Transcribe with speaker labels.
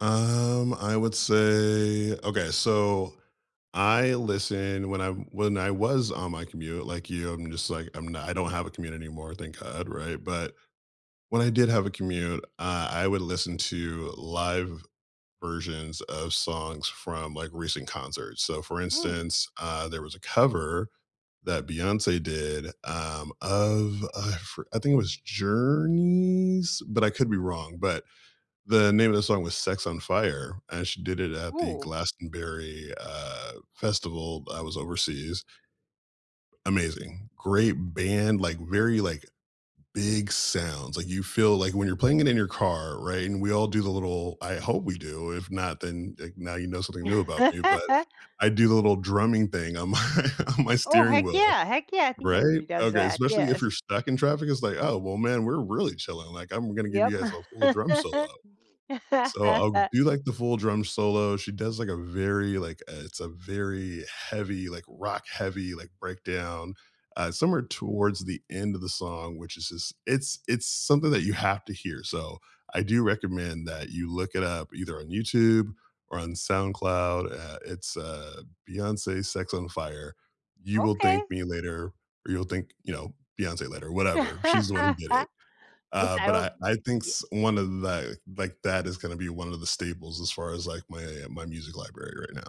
Speaker 1: Um, I would say, okay, so, I listen when I'm when I was on my commute, like you, I'm just, like, I'm not I don't have a commute anymore, thank God, right, but, when I did have a commute, uh, I would listen to live versions of songs from, like, recent concerts so, for
Speaker 2: Mm.
Speaker 1: instance, uh, there was a cover that Beyonce did, um, of I for I think it was Journey's, but I could be wrong, but the name of the song was Sex on Fire, and she did it at the
Speaker 2: Ooh.
Speaker 1: Glastonbury, uh, Festival, b I was overseas. Amazing. Great band, like, very, like, big sounds, like, you feel, like when you're playing it in your car, right, and we all do the little I hope we do, if not, then, like, now you know something new about me, but I do the little drumming thing on my on my
Speaker 2: Oh,
Speaker 1: steering
Speaker 2: heck
Speaker 1: wheel,
Speaker 2: yeah, heck yeah, I think
Speaker 1: right,
Speaker 2: everybody does
Speaker 1: okay,
Speaker 2: that
Speaker 1: especially if
Speaker 2: yes.
Speaker 1: you're stuck in traffic, it's, like, "Oh, well, man, we're really chilling, like, I'm gonna give
Speaker 2: Yep.
Speaker 1: you guys a full drum solo," so, I'll do, like, the full drum solo, she does, like, a very, like, uh, it's a very heavy, like, rock heavy, like, breakdown, uh, somewhere towards the end of the song, which is just it's it's something that you have to hear so, I do recommend that you look it up, either on YouTube or on SoundCloud, uh, it's, uh, Beyonce's Sex on Fire. You will
Speaker 2: Okay.
Speaker 1: thank me later, or you'll thank, you know, Beyonce later, whatever. She's the one who did it.
Speaker 2: Yes,
Speaker 1: Uh,
Speaker 2: I
Speaker 1: but
Speaker 2: will
Speaker 1: I I think
Speaker 2: ye
Speaker 1: s one of that, like, that is gonna be one of the staples as far as, like, my my music library right now.